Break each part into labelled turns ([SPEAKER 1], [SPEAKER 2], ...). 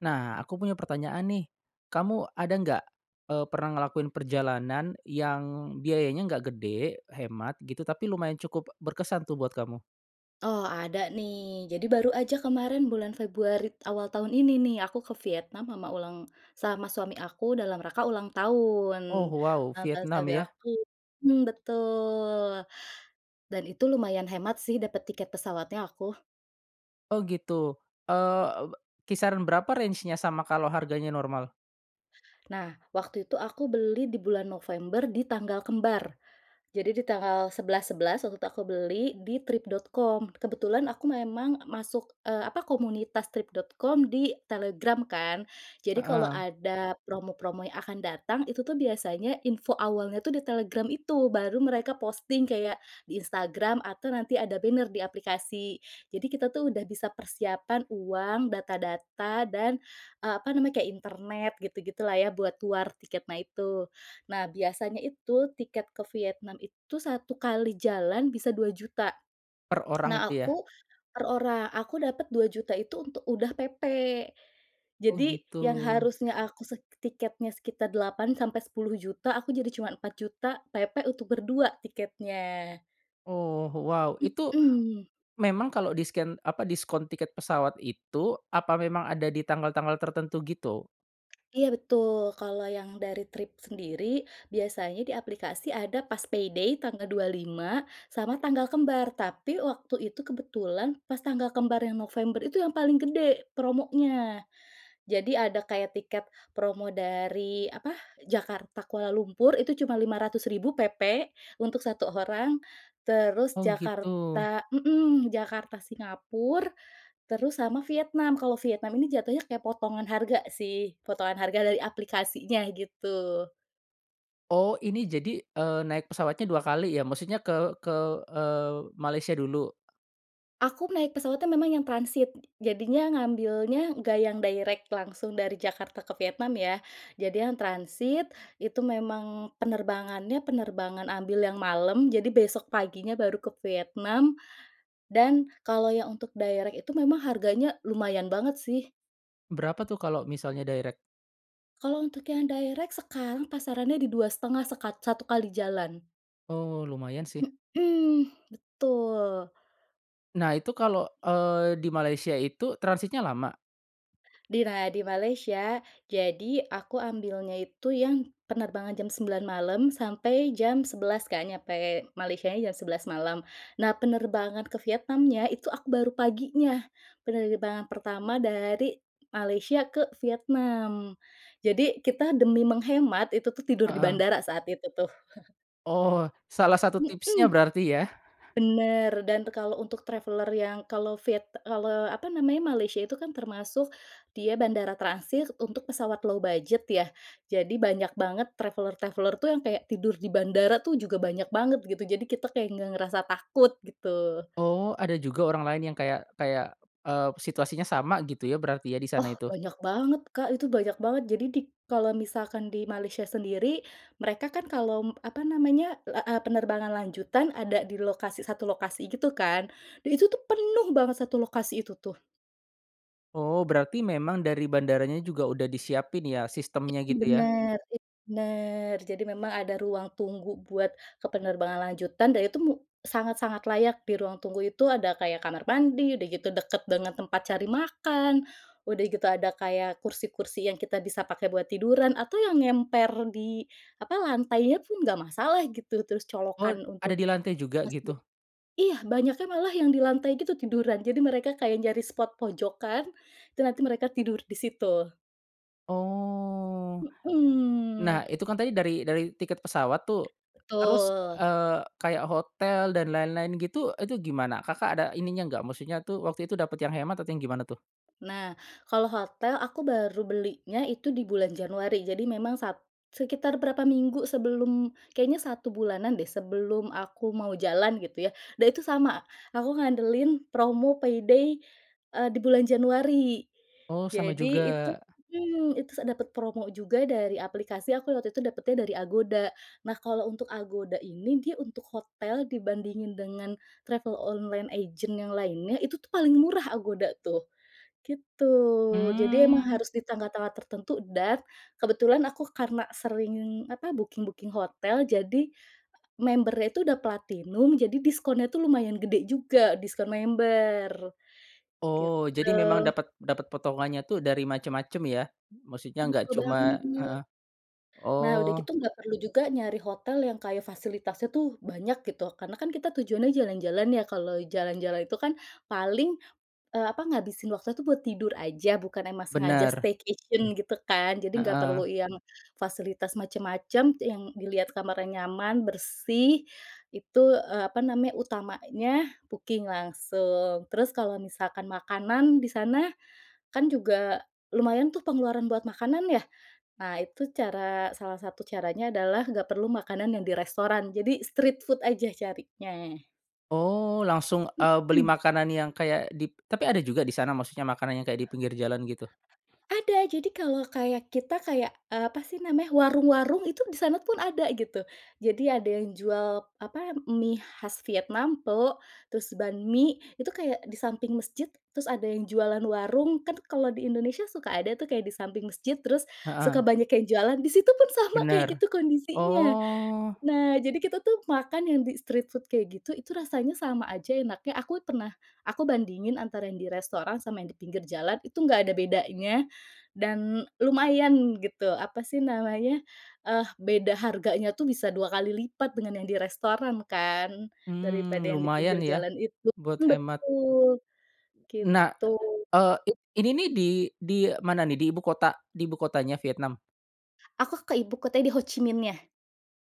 [SPEAKER 1] Nah, aku punya pertanyaan nih. Kamu ada nggak, eee, pernah ngelakuin perjalanan yang biayanya nggak gede, hemat gitu, tapi lumayan cukup berkesan tuh buat kamu?
[SPEAKER 2] Oh, ada nih, jadi baru aja kemarin bulan Februari awal tahun ini nih, aku ke Vietnam sama ulang sama suami aku dalam rangka ulang tahun.
[SPEAKER 1] Oh, wow,
[SPEAKER 2] Ulang tahun
[SPEAKER 1] Vietnam
[SPEAKER 2] suami
[SPEAKER 1] ya?
[SPEAKER 2] aku, mmm, betul. Dan itu lumayan hemat sih dapat tiket pesawatnya aku.
[SPEAKER 1] Oh, gitu. Eee, kisaran berapa range-nya sama kalau harganya normal?
[SPEAKER 2] Nah, waktu itu aku beli di bulan November, di tanggal kembar. Jadi, di tanggal 11.11 waktu itu, aku beli di Trip.com. Kebetulan aku memang masuk, eee, apa, komunitas Trip.com di Telegram, kan. Jadi, kalau
[SPEAKER 1] Heeh.
[SPEAKER 2] ada promo-promo yang akan datang, itu tuh biasanya info awalnya tuh di Telegram itu, baru mereka posting kayak di Instagram atau nanti ada banner di aplikasi. Jadi, kita tuh udah bisa persiapan uang, data-data, dan, eee, apa namanya, kayak internet gitu-gitulah ya, buat war tiketnya itu. Nah, biasanya itu tiket ke Vietnam itu, 1 kali jalan bisa Rp2.000.000.
[SPEAKER 1] Per orang
[SPEAKER 2] Nah,
[SPEAKER 1] itu ya?
[SPEAKER 2] aku per orang, aku dapat Rp2.000.000. itu untuk udah PP.
[SPEAKER 1] Oh,
[SPEAKER 2] Jadi, yang
[SPEAKER 1] gitu.
[SPEAKER 2] harusnya aku sek tiketnya sekitar Rp8.000.000-Rp10.000.000, aku jadi cuma Rp4.000.000, PP untuk berdua tiketnya.
[SPEAKER 1] Oh, wow, itu
[SPEAKER 2] Mhm.
[SPEAKER 1] memang kalau disken apa, diskon tiket pesawat itu, apa memang ada di tanggal-tanggal tertentu gitu?
[SPEAKER 2] Iya, betul, kalau yang dari Trip sendiri, biasanya di aplikasi ada pas payday tanggal 25, sama tanggal kembar. Tapi waktu itu kebetulan pas tanggal kembar yang November itu yang paling gede promonya. Jadi, ada kayak tiket promo dari, apa, Jakarta, Kuala Lumpur itu cuma Rp500.000 PP untuk 1 orang, terus
[SPEAKER 1] Oh, gitu.
[SPEAKER 2] Jakarta mhm, Jakarta, Singapura terus sama Vietnam. Kalau Vietnam ini jatuhnya kayak potongan harga, sih, potongan harga dari aplikasinya gitu.
[SPEAKER 1] Oh, ini jadi, eee, naik pesawatnya 2 kali ya maksudnya ke ke, eee, Malaysia dulu?
[SPEAKER 2] Aku naik pesawatnya memang yang transit, jadinya ngambilnya nggak yang direct langsung dari Jakarta ke Vietnam ya. Jadi yang transit, itu memang penerbangannya penerbangan ambil yang malam, jadi besok paginya baru ke Vietnam dan kalau yang untuk direct itu memang harganya lumayan banget sih.
[SPEAKER 1] Berapa tuh kalo misalnya direct?
[SPEAKER 2] Kalau untuk yang direct sekarang pasarannya di Rp2.500.000 sekat 1 kali jalan.
[SPEAKER 1] Oh, lumayan sih.
[SPEAKER 2] Mhm, Betul.
[SPEAKER 1] Nah, itu kalau, eee, di Malaysia itu transitnya lama?
[SPEAKER 2] Di nay di Malaysia, jadi aku ambilnya itu yang penerbangan jam 9.00 malam sampai jam 11.00 kan nyampe Malaysianya jam 11.00 malam. Nah, penerbangan ke Vietnamnya itu aku baru paginya. Penerbangan pertama dari Malaysia ke Vietnam. Jadi kita demi menghemat, itu tuh tidur di
[SPEAKER 1] Heeh.
[SPEAKER 2] bandara saat itu tuh.
[SPEAKER 1] Oh, salah satu tipsnya
[SPEAKER 2] Mhm.
[SPEAKER 1] berarti ya?
[SPEAKER 2] Bener dan kalau untuk traveler yang kalau viet kalau apa namanya, Malaysia itu kan termasuk dia bandara transit untuk pesawat low budget ya, jadi banyak banget traveler-traveler tuh yang kayak tidur di bandara tuh juga banyak banget gitu, jadi kita kayak nggak ngerasa takut, gitu.
[SPEAKER 1] Oh, ada juga orang lain yang kayak kayak, eee, situasinya sama gitu ya, berarti ya, di sana
[SPEAKER 2] Oh,
[SPEAKER 1] itu?
[SPEAKER 2] banyak banget, Kak, itu banyak banget jadi di kalau misalkan di Malaysia sendiri mereka kan kalau m apa namanya, eee eee, penerbangan lanjutan ada di lokasi, satu lokasi gitu kan dan itu tuh penuh banget satu lokasi itu tuh!
[SPEAKER 1] Oh, berarti memang dari bandaranya juga udah disiapin ya, sistemnya
[SPEAKER 2] Itu
[SPEAKER 1] gitu ya?
[SPEAKER 2] bener itu bener, jadi memang ada ruang tunggu buat ke penerbangan lanjutan dan itu mu sangat-sangat layak di ruang tunggu itu, ada kayak kamar mandi, udah gitu deket banget tempat cari makan, udah gitu ada kayak kursi-kursi yang kita bisa pakai buat tiduran, atau yang ngemper di apa, lantainya pun nggak masalah gitu, terus
[SPEAKER 1] Oh,
[SPEAKER 2] colokan
[SPEAKER 1] ada
[SPEAKER 2] untuk
[SPEAKER 1] di lantai juga,
[SPEAKER 2] masjid
[SPEAKER 1] gitu?
[SPEAKER 2] iya, banyaknya malah yang di lantai gitu tiduran, jadi mereka kayak nyari spot pojokan, itu nanti mereka tidur di situ.
[SPEAKER 1] Oh. Nah,
[SPEAKER 2] Mhm.
[SPEAKER 1] itu kan tadi dari dari tiket pesawat tuh, terus,
[SPEAKER 2] Betul.
[SPEAKER 1] eee, kayak hotel dan lain-lain gitu, itu gimana Kakak ada ininya nggak? Maksudnya tuh waktu itu dapat yang hemat atau yang gimana tuh?
[SPEAKER 2] Nah, kalau hotel aku baru belinya itu di bulan Januari, jadi memang sat sekitar berapa minggu sebelum, kayaknya 1 bulanan deh sebelum aku mau jalan gitu ya, dan itu sama, aku ngandelin promo payday, eee, di bulan Januari.
[SPEAKER 1] Oh, sama
[SPEAKER 2] Jadi itu,
[SPEAKER 1] juga.
[SPEAKER 2] mmm, itu sa dapet promo juga dari aplikasi aku waktu itu dapetnya dari Agoda. Nah, kalau untuk Agoda ini, dia untuk hotel dibandingin dengan travel online agent yang lainnya itu tuh paling murah Agoda tuh, gitu. Jadi emang
[SPEAKER 1] Mmm.
[SPEAKER 2] harus di tanggal-tanggal tertentu dan kebetulan aku karena sering, apa, booking-booking hotel, jadi member-nya itu udah platinum, jadi diskonnya tuh lumayan gede juga, diskon member,
[SPEAKER 1] Oh, jadi memang
[SPEAKER 2] gitu.
[SPEAKER 1] dapet dapet potongannya tuh dari macem-macem ya, maksudnya nggak
[SPEAKER 2] Betul
[SPEAKER 1] cuma
[SPEAKER 2] banget.
[SPEAKER 1] heeh,
[SPEAKER 2] Nah, udah
[SPEAKER 1] oh.
[SPEAKER 2] gitu nggak perlu juga nyari hotel yang kayak fasilitasnya tuh banyak gitu, karena kan kita tujuannya jalan-jalan ya, kalau jalan-jalan itu kan paling, eee, apa ngabisin waktunya tuh buat tidur aja, bukan emang sengaja
[SPEAKER 1] Bener.
[SPEAKER 2] staycation, gitu kan, jadi nggak
[SPEAKER 1] Heeh.
[SPEAKER 2] perlu yang fasilitas macem-macem, yang dilihat kamarnya nyaman, bersih, itu, eee, apa namanya, utamanya booking langsung. Terus kalau misalkan makanan di sana, kan juga lumayan tuh pengeluaran buat makanan ya. Nah, itu cara salah satu caranya adalah nggak perlu makanan yang di restoran, jadi street food aja carinya.
[SPEAKER 1] Oh, langsung, eee, beli
[SPEAKER 2] Mhm.
[SPEAKER 1] makanan yang kayak dip tapi ada juga di sana maksudnya makanan yang kayak di pinggir jalan gitu?
[SPEAKER 2] Ada, jadi kalau kayak kita kayak, eee, apa sih namanya warung-warung itu di sana pun ada gitu. Jadi ada yang jual apa, mie khas Vietnam, pho, terus banh mie, itu kayak di samping masjid, terus ada yang jualan warung, kan kalau di Indonesia suka ada tuh kayak di samping masjid, terus suka
[SPEAKER 1] Heeh.
[SPEAKER 2] banyak yang jualan, di situ pun sama kayak
[SPEAKER 1] Bener,
[SPEAKER 2] gitu kondisinya.
[SPEAKER 1] oh.
[SPEAKER 2] Nah, jadi kita tuh makan yang di street food kayak gitu itu rasanya sama aja enaknya, aku pernah aku bandingin antara yang di restoran sama yang di pinggir jalan, itu nggak ada bedanya dan lumayan gitu, apa sih namanya, eh, beda harganya tuh bisa 2 kali lipat dengan yang di restoran kan,
[SPEAKER 1] Mmm,
[SPEAKER 2] daripada yang di
[SPEAKER 1] lumayan
[SPEAKER 2] pinggir
[SPEAKER 1] ya,
[SPEAKER 2] jalan itu,
[SPEAKER 1] buat hemat.
[SPEAKER 2] betul,
[SPEAKER 1] Nah,
[SPEAKER 2] gitu.
[SPEAKER 1] eee, ini nih di di mana nih? Di ibu kota di ibu kotanya Vietnam?
[SPEAKER 2] Aku ke ibu kota nya di Ho Chi Minhnya.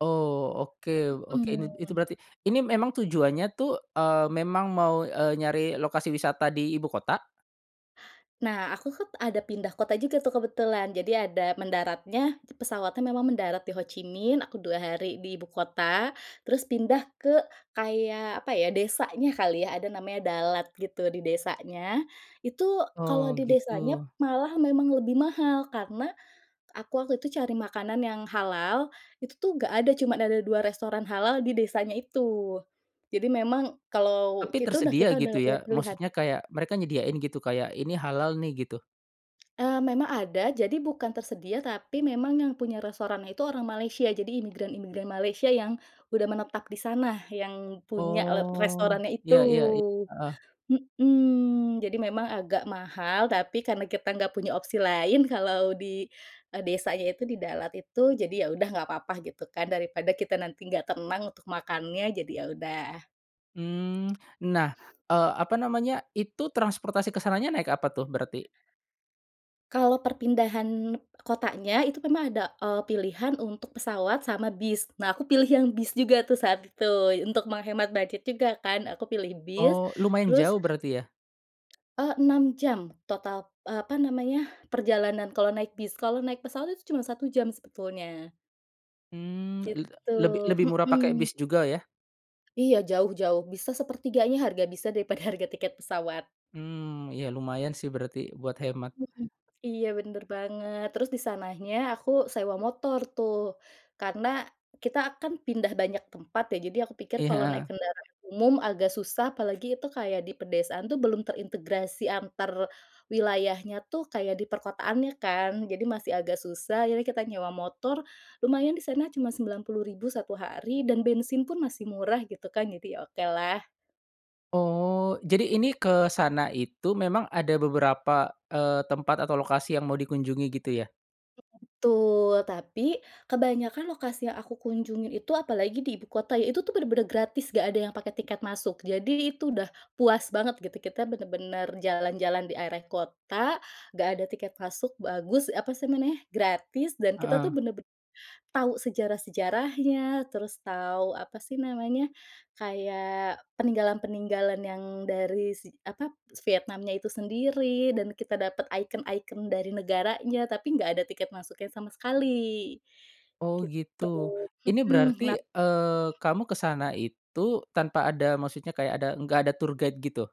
[SPEAKER 1] Oh oke, oke, ini
[SPEAKER 2] Hmm.
[SPEAKER 1] itu berarti ini memang tujuannya tuh, eee, memang mau, eee, nyari lokasi wisata di ibu kota?
[SPEAKER 2] Nah aku kan ada pindah kota juga kebetulan jadi ada mendaratnya, pesawatnya memang mendarat di Ho Chi Minh, aku 2 hari di ibu kota, terus pindah ke kayak apa ya, desanya kali ya, ada namanya Dalat gitu, di desanya. Itu kalau
[SPEAKER 1] Oh
[SPEAKER 2] di
[SPEAKER 1] gitu.
[SPEAKER 2] desanya malah memang lebih mahal, karena aku waktu itu cari makanan yang halal, itu tuh gak ada, cuma ada 2 restoran halal di desanya itu. Jadi memang kalau
[SPEAKER 1] Tapi
[SPEAKER 2] kita dah
[SPEAKER 1] tersedia
[SPEAKER 2] kita
[SPEAKER 1] gitu
[SPEAKER 2] dah gak punya
[SPEAKER 1] ya,
[SPEAKER 2] pilihan.
[SPEAKER 1] maksudnya kayak mereka nyediain gitu kayak ini halal nih gitu.
[SPEAKER 2] Eee, memang ada, jadi bukan tersedia, tapi memang yang punya restorannya itu orang Malaysia, jadi imigran-imigran Malaysia yang udah menetap di sana, yang punya le
[SPEAKER 1] Oh
[SPEAKER 2] restorannya itu.
[SPEAKER 1] ya ya ya, heeh.
[SPEAKER 2] Mhm, jadi memang agak mahal, tapi karena kita nggak punya opsi lain kalau di, eee, desanya itu di Dalat itu, jadi ya udah nggak apa-apa gitu kan, daripada kita nanti nggak tenang untuk makannya jadi ya udah.
[SPEAKER 1] Mmm, nah, eee, apa namanya, itu transportasi ke sananya naik apa tuh berarti?
[SPEAKER 2] Kalau perpindahan kotanya, itu memang ada, eee, pilihan untuk pesawat sama bis. Nah aku pilih yang bis juga tuh saat itu, untuk menghemat budget juga kan aku pilih bis,
[SPEAKER 1] Oh lumayan
[SPEAKER 2] terus,
[SPEAKER 1] jauh berarti ya?
[SPEAKER 2] eee, 6 jam total, eee, apa namanya, perjalanan, kalau naik bis, kalau naik pesawat itu cuma 1 jam sebetulnya.
[SPEAKER 1] Mmm le
[SPEAKER 2] Gitu.
[SPEAKER 1] lebih lebih murah pakai
[SPEAKER 2] Mhm.
[SPEAKER 1] bis juga ya.
[SPEAKER 2] Iya jauh jauh bisa 1/3-nya harga, bisa daripada harga tiket pesawat.
[SPEAKER 1] Hmm, ya lumayan sih berarti buat hemat.
[SPEAKER 2] Hmm, iya, bener banget. Terus di sananya aku sewa motor tuh, karena kita akan pindah banyak tempat, ya. Jadi aku pikir
[SPEAKER 1] Iya,
[SPEAKER 2] kalau naik
[SPEAKER 1] heeh.
[SPEAKER 2] kendaraan umum agak susah, apalagi itu kayak di pedesaan tuh belum terintegrasi antar wilayahnya, tuh kayak di perkotaannya kan. Jadi masih agak susah. Jadi, kita nyewa motor, lumayan di sana, cuma Rp90.000 1 hari, dan bensin pun masih murah, gitu kan. Jadi oke lah.
[SPEAKER 1] Oh, jadi ini, ke sana itu memang ada beberapa, eee, tempat atau lokasi yang mau dikunjungi, gitu ya.
[SPEAKER 2] [unintelligible] Betul. Tapi kebanyakan lokasi yang aku kunjungin itu, apalagi di ibu kota, ya, itu tuh bener-bener gratis, nggak ada yang pakai tiket masuk. Jadi itu udah puas banget, gitu. Kita bener-bener jalan-jalan di area kota, nggak ada tiket masuk, bagus, apa sih, namanya, gratis. Dan kita tuh
[SPEAKER 1] Heeh.
[SPEAKER 2] bener-ben tahu sejarah-sejarahnya, terus tahu apa sih namanya, kayak peninggalan-peninggalan yang dari si, apa Vietnamnya itu sendiri. Dan kita dapat ikon-ikon dari negaranya, tapi nggak ada tiket masuknya sama sekali,
[SPEAKER 1] Oh,
[SPEAKER 2] gitu.
[SPEAKER 1] gitu. Ini
[SPEAKER 2] Hmm, nah
[SPEAKER 1] berarti, eee, kamu ke sana itu tanpa ada, maksudnya kayak ada enggak ada tour guide, gitu?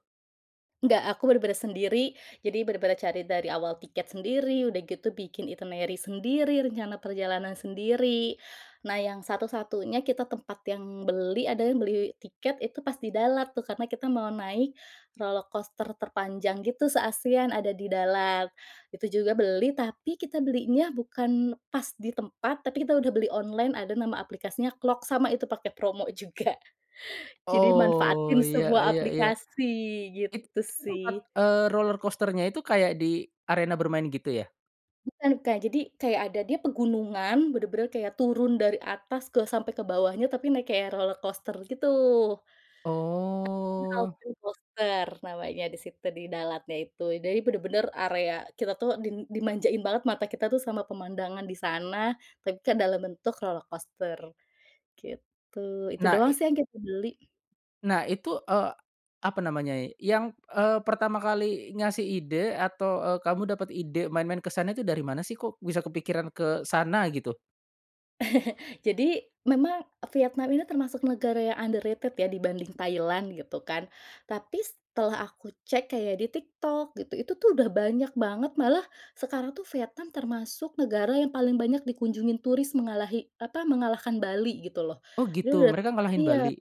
[SPEAKER 2] Gak, aku bener-bener sendiri. Jadi bener-bener cari dari awal tiket sendiri, udah gitu bikin itinerary sendiri, rencana perjalanan sendiri. Nah, yang satu-satunya kita tempat yang beli, ada yang beli tiket itu pas di Dalat, tuh. Karena kita mau naik roller coaster terpanjang, gitu, se-ASEAN ada di dalam. Itu juga beli, tapi kita belinya bukan pas di tempat, tapi kita udah beli online. Ada nama aplikasinya Klook, sama itu pakai promo juga. Jadi manfaatin
[SPEAKER 1] Oh, ya
[SPEAKER 2] semua
[SPEAKER 1] ya ya.
[SPEAKER 2] aplikasi, gitu
[SPEAKER 1] Itu tempat,
[SPEAKER 2] sih.
[SPEAKER 1] eee, roller coaster-nya itu kayak di arena bermain, gitu ya?
[SPEAKER 2] Bukan, Kak. Jadi kayak ada dia pegunungan, bener-bener kayak turun dari atas ke sampai ke bawahnya tapi naik roller coaster gitu. [unintelligible] New
[SPEAKER 1] Oh.
[SPEAKER 2] Alpen Coaster namanya di situ, di Dalatnya itu. Jadi bener-bener area, kita tuh dim dimanjain banget mata kita tuh sama pemandangan di sana, tapi kan dalam bentuk roller coaster, gitu. Itu
[SPEAKER 1] Nah,
[SPEAKER 2] doang
[SPEAKER 1] i
[SPEAKER 2] sih yang kita beli.
[SPEAKER 1] Nah, itu, eee, apa namanya, yang, eee, pertama kali ngasih ide atau, eee, kamu dapat ide main-main ke sana itu dari mana sih, kok bisa kepikiran ke sana, gitu?
[SPEAKER 2] Jadi memang Vietnam ini termasuk negara yang underrated, ya, dibanding Thailand, gitu kan. Tapi setelah aku cek kayak di TikTok, gitu, itu tuh udah banyak banget. Malah sekarang tuh Vietnam termasuk negara yang paling banyak dikunjungi turis, mengalahi, apa, mengalahkan Bali, gitu loh.
[SPEAKER 1] Oh,
[SPEAKER 2] Dia
[SPEAKER 1] gitu,
[SPEAKER 2] udah
[SPEAKER 1] mereka ngalahin
[SPEAKER 2] iya,
[SPEAKER 1] Bali?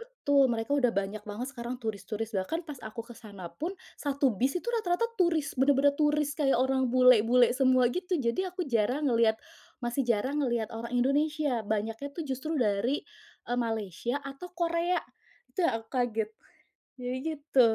[SPEAKER 2] betul, mereka udah banyak banget sekarang turis-turis. Bahkan pas aku ke sana pun, satu bis itu rata-rata turis, bener-bener turis, kayak orang bule-bule semua, gitu. Jadi aku jarang ngeliat masih jarang ngeliat orang Indonesia. Banyaknya tuh justru dari, eee, Malaysia atau Korea. Itu yang aku kaget. Jadi gitu.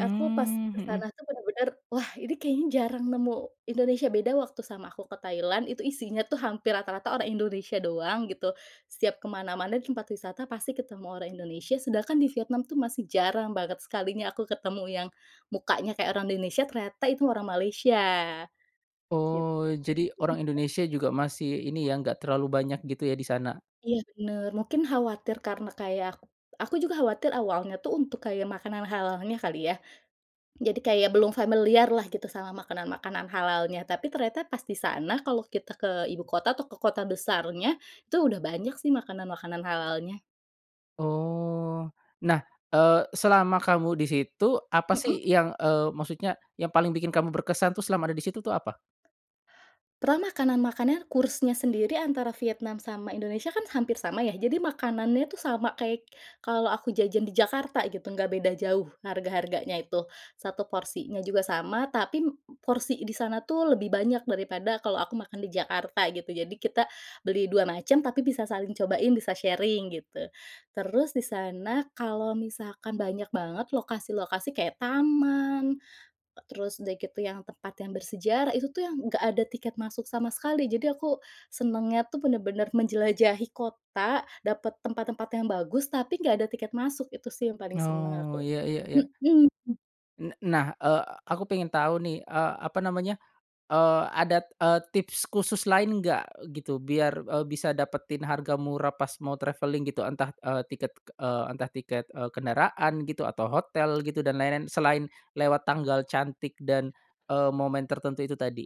[SPEAKER 2] Aku pas ke
[SPEAKER 1] mhm.
[SPEAKER 2] sana tuh bener-bener, wah, ini kayaknya jarang nemu Indonesia. Beda waktu sama aku ke Thailand, itu isinya tuh hampir rata-rata orang Indonesia doang, gitu. Setiap ke mana-mana di tempat wisata pasti ketemu orang Indonesia. Sedangkan di Vietnam tuh masih jarang banget. Sekalinya aku ketemu yang mukanya kayak orang Indonesia, ternyata itu orang Malaysia, git.
[SPEAKER 1] Oh, jadi orang
[SPEAKER 2] [unintelligible]
[SPEAKER 1] Indonesia juga masih ini ya, enggak terlalu banyak, gitu ya, di sana.
[SPEAKER 2] Iya, bener. Mungkin khawatir, karena kayak aku, aku juga khawatir awalnya tuh untuk kayak makanan halalnya, kali yah. Jadi kayak belum familiar lah, gitu, sama makanan-makanan halalnya. Tapi ternyata pas di sana, kalau kita ke ibu kota atau ke kota besarnya, itu udah banyak sih makanan-makanan halalnya.
[SPEAKER 1] Oh. Nah, eee, selama kamu di situ, apa sih
[SPEAKER 2] Hmm.
[SPEAKER 1] yang, eee, maksudnya yang paling bikin kamu berkesan tuh selama ada di situ, tuh apa?
[SPEAKER 2] Pernah makanan makannya, kursnya sendiri antara Vietnam sama Indonesia kan hampir sama, ya. Jadi makanannya tuh sama kayak kalau aku jajan di Jakarta, gitu, nggak beda jauh, harga-harganya itu, 1 porsinya juga sama, tapi m porsi di sana tuh lebih banyak daripada kalo aku makan di Jakarta, gitu. Jadi kita beli 2 macam, tapi bisa saling cobain, bisa sharing, gitu. Terus di sana, kalau misalkan banyak banget lokasi-lokasi kayak taman, eee, terus udah gitu yang tempat yang bersejarah, itu tuh yang nggak ada tiket masuk sama sekali. Jadi aku senengnya tuh bener-bener menjelajahi kota, dapet tempat-tempat yang bagus, tapi nggak ada tiket masuk. Itu sih yang paling senang
[SPEAKER 1] Oh,
[SPEAKER 2] aku,
[SPEAKER 1] ya ya ya.
[SPEAKER 2] hmm.
[SPEAKER 1] N nah, eee, aku pengen tahu nih, eee, apa namanya, eee, ada, eee, tips khusus lain nggak, gitu, biar, eee, bisa dapetin harga murah pas mau traveling, gitu. Entah, eee, tiket, eee, entah tiket, eee, kendaraan, gitu, atau hotel, gitu, dan lain-lain, selain lewat tanggal cantik dan, eee, momen tertentu itu tadi?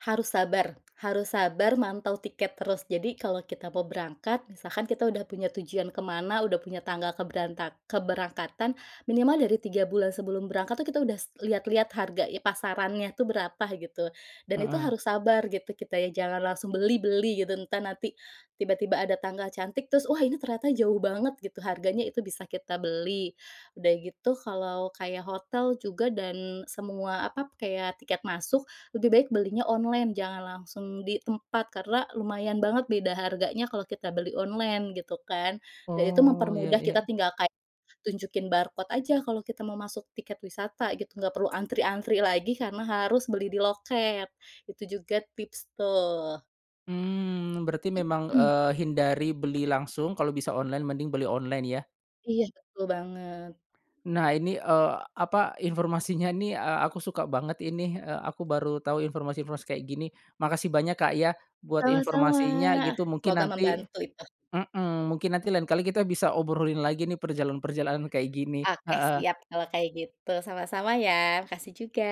[SPEAKER 2] Harus sabar harus sabar mantau tiket terus. Jadi kalau kita mau berangkat, misalkan kita udah punya tujuan ke mana, udah punya tanggal keberantak keberangkatan, minimal dari 3 bulan sebelum berangkat tuh, kita udah lihat-lihat harga pasarannya tuh berapa, gitu. Dan itu
[SPEAKER 1] Heeh.
[SPEAKER 2] harus sabar, gitu. Kita nya jangan langsung beli beli, gitu. Entah, nanti tiba-tiba ada tanggal cantik, terus wah, ini ternyata jauh banget, gitu, harganya itu bisa kita beli. Udah gitu, kalau kayak hotel juga dan semua apa, kayak tiket masuk, lebih baik belinya online. Jangan langsung di tempat, karena lumayan banget beda harganya kalau kita beli online, gitu kan. Dan itu
[SPEAKER 1] Oh, ya
[SPEAKER 2] mempermudah. Kita
[SPEAKER 1] ya.
[SPEAKER 2] tinggal kayak, tunjukin barcode aja kalau kita mau masuk tiket wisata, gitu. Nggak perlu antri-antri lagi karena harus beli di loket. Itu juga tips, tuh.
[SPEAKER 1] Mmm, berarti memang,
[SPEAKER 2] Mhm.
[SPEAKER 1] eee, hindari beli langsung, kalo bisa online mending beli online ya.
[SPEAKER 2] Iyah, betul banget.
[SPEAKER 1] Nah, ini, eee, apa, informasinya nih, eee, aku suka banget inih. Eee, aku baru tau informasi-informasi kayak, gini. Makasih banyak Kak, ya buat
[SPEAKER 2] Sama-sama,
[SPEAKER 1] informasinya, gitu, mungkin
[SPEAKER 2] semoga
[SPEAKER 1] nanti
[SPEAKER 2] membantu itu.
[SPEAKER 1] mmm, mungkin nanti lain kali kita bisa obrolin lagi nih, perjalanan-perjalanan, kayak gini.
[SPEAKER 2] Oke,
[SPEAKER 1] Heeh.
[SPEAKER 2] siap kalau kayak gitu, sama-sama ya, makasih juga.